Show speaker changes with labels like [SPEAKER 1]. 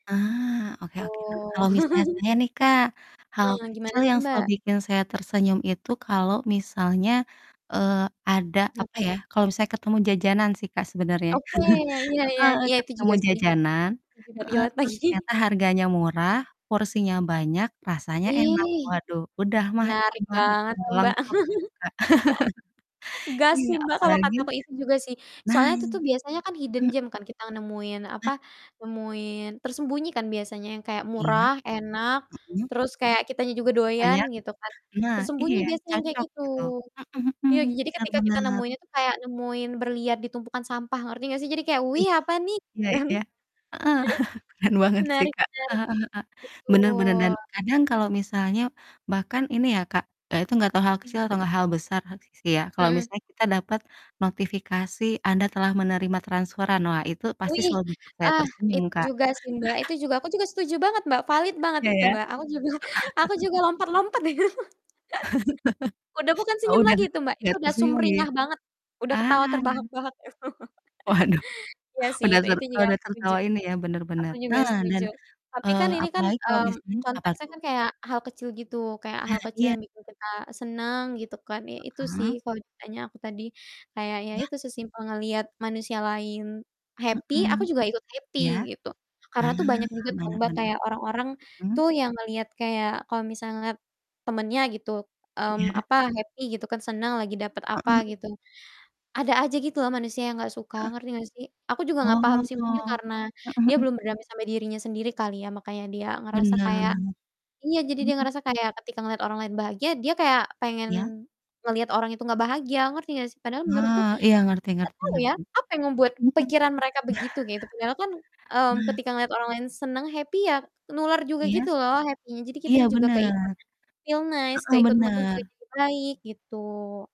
[SPEAKER 1] Ah, oke oke,
[SPEAKER 2] Tuh.
[SPEAKER 1] heeh. Kalau misalnya saya nih, Kak, hal
[SPEAKER 2] Eh, gimana
[SPEAKER 1] kecil
[SPEAKER 2] tuh,
[SPEAKER 1] yang selalu
[SPEAKER 2] Mbak?
[SPEAKER 1] bikin saya tersenyum itu kalau misalnya, eee, ada, apa
[SPEAKER 2] Ngapain?
[SPEAKER 1] ya, kalau misalnya ketemu jajanan sih, Kak, sebenernya.
[SPEAKER 2] Oke, ya, iya iya.
[SPEAKER 1] Heeh,
[SPEAKER 2] Iya, itu
[SPEAKER 1] ketemu
[SPEAKER 2] juga sih.
[SPEAKER 1] jajanan
[SPEAKER 2] Itu juga
[SPEAKER 1] heeh,
[SPEAKER 2] relate
[SPEAKER 1] terus
[SPEAKER 2] lagi.
[SPEAKER 1] ternyata harganya murah, porsinya banyak, rasanya enak.
[SPEAKER 2] Ih,
[SPEAKER 1] Waduh, udah mah
[SPEAKER 2] menarik
[SPEAKER 1] [unintelligible]
[SPEAKER 2] banget
[SPEAKER 1] udah
[SPEAKER 2] tuh, Mbak.
[SPEAKER 1] lengkap itu, Kak.
[SPEAKER 2] Gas
[SPEAKER 1] Iya,
[SPEAKER 2] sih, Mbak, kalo
[SPEAKER 1] apalagi
[SPEAKER 2] kataku itu juga sih.
[SPEAKER 1] nah,
[SPEAKER 2] Soalnya itu tuh biasanya kan
[SPEAKER 1] mhm
[SPEAKER 2] hidden
[SPEAKER 1] mhm.
[SPEAKER 2] gem kan, kita nemuin apa,
[SPEAKER 1] Nah.
[SPEAKER 2] nemuin tersembunyi kan biasanya yang kayak
[SPEAKER 1] Iya,
[SPEAKER 2] murah, enak,
[SPEAKER 1] mhm.
[SPEAKER 2] terus kayak kitanya juga
[SPEAKER 1] Porsi
[SPEAKER 2] doyan
[SPEAKER 1] banyak.
[SPEAKER 2] gitu kan.
[SPEAKER 1] Nah, iya,
[SPEAKER 2] Tersembunyi biasanya yang kayak
[SPEAKER 1] cocok
[SPEAKER 2] gitu.
[SPEAKER 1] gitu. Mhm mhm,
[SPEAKER 2] Iya, j jadi
[SPEAKER 1] bener
[SPEAKER 2] ketika kita
[SPEAKER 1] bener.
[SPEAKER 2] nemuinnya tuh kayak nemuin berlian di tumpukan sampah, ngerti enggak sih? Jadi kayak,
[SPEAKER 1] Wih,
[SPEAKER 2] "Wih, apa nih?" Gitu
[SPEAKER 1] iya
[SPEAKER 2] kan.
[SPEAKER 1] iya. Heeh, keren banget sih,
[SPEAKER 2] Menarik menarik.
[SPEAKER 1] Kak. Heeh heeh heeh, bener bener. Dan
[SPEAKER 2] Betul.
[SPEAKER 1] kadang kalo misalnya bahkan ini ya, Kak, eee, itu gak ke hal kecil
[SPEAKER 2] Mhm.
[SPEAKER 1] atau gak hal besar s sih ya, kalau
[SPEAKER 2] Mmm.
[SPEAKER 1] misalnya kita dapet notifikasi "Anda telah menerima transferan", wah, itu pasti
[SPEAKER 2] Wih,
[SPEAKER 1] selalu bikin saya
[SPEAKER 2] ah,
[SPEAKER 1] tersenyum,
[SPEAKER 2] itu
[SPEAKER 1] Kak.
[SPEAKER 2] juga sih, Mbak. Itu juga aku juga setuju banget, Mbak, valid banget
[SPEAKER 1] Iya
[SPEAKER 2] itu,
[SPEAKER 1] ya? Heeh.
[SPEAKER 2] Mbak. Aku juga, aku juga lompat-lompat itu. Udah bukan
[SPEAKER 1] Oh,
[SPEAKER 2] senyum
[SPEAKER 1] udah
[SPEAKER 2] lagi itu, Mbak, itu
[SPEAKER 1] gak
[SPEAKER 2] udah
[SPEAKER 1] tersenyum lagi ya?
[SPEAKER 2] sumringah banget. Udah ketawa
[SPEAKER 1] Ah.
[SPEAKER 2] terbahak-bahak itu.
[SPEAKER 1] Waduh,
[SPEAKER 2] Iya sih,
[SPEAKER 1] udah
[SPEAKER 2] itu
[SPEAKER 1] ser
[SPEAKER 2] itu juga
[SPEAKER 1] udah
[SPEAKER 2] aku setuju.
[SPEAKER 1] tertawa ini ya, bener
[SPEAKER 2] Aku
[SPEAKER 1] bener.
[SPEAKER 2] juga
[SPEAKER 1] Nah, dan,
[SPEAKER 2] setuju. Tapi kan
[SPEAKER 1] eee,
[SPEAKER 2] ini kan,
[SPEAKER 1] apalagi kalau
[SPEAKER 2] mmm,
[SPEAKER 1] misalnya apa
[SPEAKER 2] konteksnya
[SPEAKER 1] tuh?
[SPEAKER 2] kan kayak hal kecil gitu, kayak
[SPEAKER 1] Ah,
[SPEAKER 2] hal kecil
[SPEAKER 1] iya.
[SPEAKER 2] yang bikin kita seneng gitu kan, ya itu sih
[SPEAKER 1] Heeh.
[SPEAKER 2] kalo ditanya aku tadi kayak ya
[SPEAKER 1] Ya.
[SPEAKER 2] itu, sesimpel ngelihat manusia lain happy,
[SPEAKER 1] Mmm.
[SPEAKER 2] aku juga ikut happy
[SPEAKER 1] Iya,
[SPEAKER 2] gitu.
[SPEAKER 1] ah,
[SPEAKER 2] Karena tuh banyak juga tau,
[SPEAKER 1] bener
[SPEAKER 2] Mbak,
[SPEAKER 1] bener.
[SPEAKER 2] kayak orang-orang
[SPEAKER 1] Mhm.
[SPEAKER 2] tuh yang ngelihat kayak kalau misal ngelihat temennya gitu, mmm,
[SPEAKER 1] Iya.
[SPEAKER 2] apa, happy gitu kan, seneng lagi dapet apa
[SPEAKER 1] Heeh heeh.
[SPEAKER 2] gitu. Ada aja gitu loh manusia yang enggak suka,
[SPEAKER 1] Heeh.
[SPEAKER 2] ngerti enggak sih? Aku juga enggak paham
[SPEAKER 1] Oh.
[SPEAKER 2] sih mungkin karena
[SPEAKER 1] Mhm
[SPEAKER 2] dia
[SPEAKER 1] mhm.
[SPEAKER 2] belum berdamai sama dirinya sendiri kali ya, makanya dia ngerasa
[SPEAKER 1] Bener.
[SPEAKER 2] kayak iya, jadi dia
[SPEAKER 1] Mhm.
[SPEAKER 2] ngerasa kayak ketika ngeliat orang lain bahagia, dia kayak pengen
[SPEAKER 1] Iya.
[SPEAKER 2] ngelihat orang itu enggak bahagia, ngerti enggak sih? Padahal menurutku
[SPEAKER 1] Oh,
[SPEAKER 2] enggak
[SPEAKER 1] iya, ngerti ngerti
[SPEAKER 2] tau ya,
[SPEAKER 1] ngerti.
[SPEAKER 2] apa yang membuat
[SPEAKER 1] Mhm mhm.
[SPEAKER 2] pikiran mereka begitu, gitu. Padahal kan, mmm,
[SPEAKER 1] Nah.
[SPEAKER 2] ketika ngeliat orang lain senang happy ya, nular juga
[SPEAKER 1] Iya.
[SPEAKER 2] gitu loh happy-nya, jadi kita
[SPEAKER 1] Iya,
[SPEAKER 2] juga
[SPEAKER 1] bener.
[SPEAKER 2] keikut feel nice,
[SPEAKER 1] Heeh,
[SPEAKER 2] keikut mood-nya
[SPEAKER 1] bener.
[SPEAKER 2] juga jadi baik, gitu.